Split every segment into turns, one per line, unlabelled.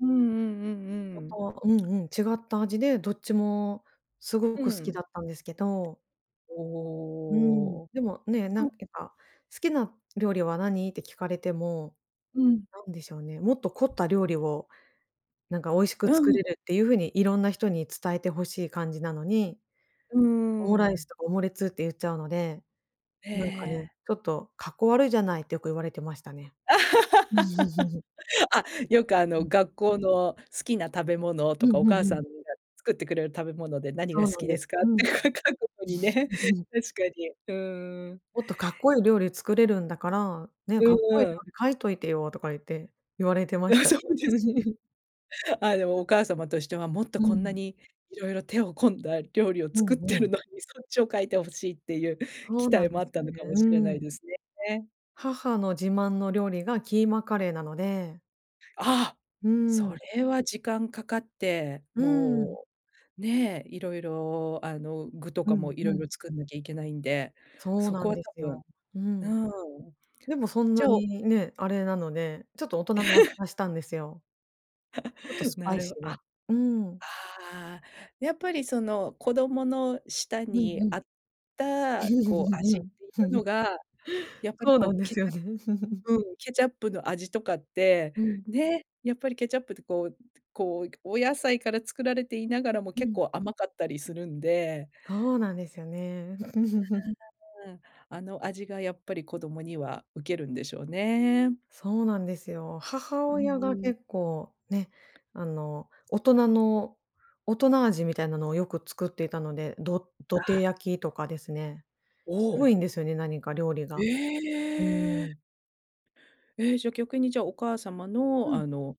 うんうんうんうん。
ほんとうんうん、違った味で、どっちもすごく
う
好き
ん。
だったんですけど。うん、
おお。
でもね、な
な
ん
ん
けた、「好きな料理は何？」って聞かれても、
うん。
なんでしょうね、もっと凝った料理を、なんか、美味しく
う
作
ん。
れるっていう風にいろんな人に伝えて欲しい感じなのに、
うー
オムライス
ん。
とかオムレツって言っちゃうので、
へ
なんかね、
え。
ちょっと「かっこ悪いじゃない」ってよく言われてましたね。
あ、よく、あ
う
の、
ん。
学校の「好きな食べ物」
う
と
ん
か、「お
う
母
んう
さん
ん。
が作ってくれる食べ物で何
そ
が
う
好
なん
き
で
で
す。
すか」っ
う
て
ん。
か書くとこにね、確かに。うーん。
「もっとかっこいい料理作れるんだから、ね、
う
かっ
ん
こいい料
うん。
理書いといてよ」とか言って言われてま
あ、
したね。
そうですね。あ、でもお母様としては、もっと
う
こんな
ん。
に色々手を込んだ料理を
うん
作って
う
る
ん。
のに、そっちを書いて欲しいっていう
そ
期
うな
待
ん
も
で
あっ
す
た
よ
の
ね。
かも
う
しれない
ーん。
ですね。
母の自慢の料理がキーマカレーなので。
ああ。
うー
そ
ん。
れは時間かかって、
うーん。
もうね、いろいろ、あの、具と
う
かも
ん
い
う
ろい
ん。
ろ作んなきゃいけないんで、
そう
そ
な
こ
ん
は多
です
分
よ。うん。
うん。
でもそん
じ
な
ゃあ、お
にね、あれなので、ちょっと大人の味 がしたんですよ。ちょっと スパ
な
イシ
る
ー
あ、あ
な。うーん。
あ、やっぱりその、子供の舌
うん
に
う
合
ん。
った、こう、味っていう のが、やっぱり、
そうな
こ
ん
う、
で
ケ
す
チ
よ
ャ
ね。
うん、ケチャップの味とかって、
うん。
ね、やっぱりケチャップって、こうこう、お野菜から作られていながらも
う
結
ん。
構甘かったりするんで。
そうなんですよね。
うーん、あの味がやっぱり子供にはうけるんでしょうね。
そうなんですよ。母
うん
親が
うん。
結構ね、あの、大人の大人味みたいなのをよく作っていたので、ど土
あ
手
あ。
焼きとかですね。
お
渋い
お。
んですよね、何か料理が。う
え
ー
え。
ん。
ええ、じゃ、逆にじゃ、お母様
う
の、
ん。
あの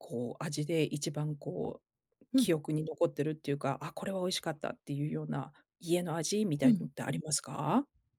こう、味で一番、こう、
うん。
記憶に残ってるっていうか、「あ、これは美味しかった」っていうような家の味みた
う
いの
ん。
ってありますか？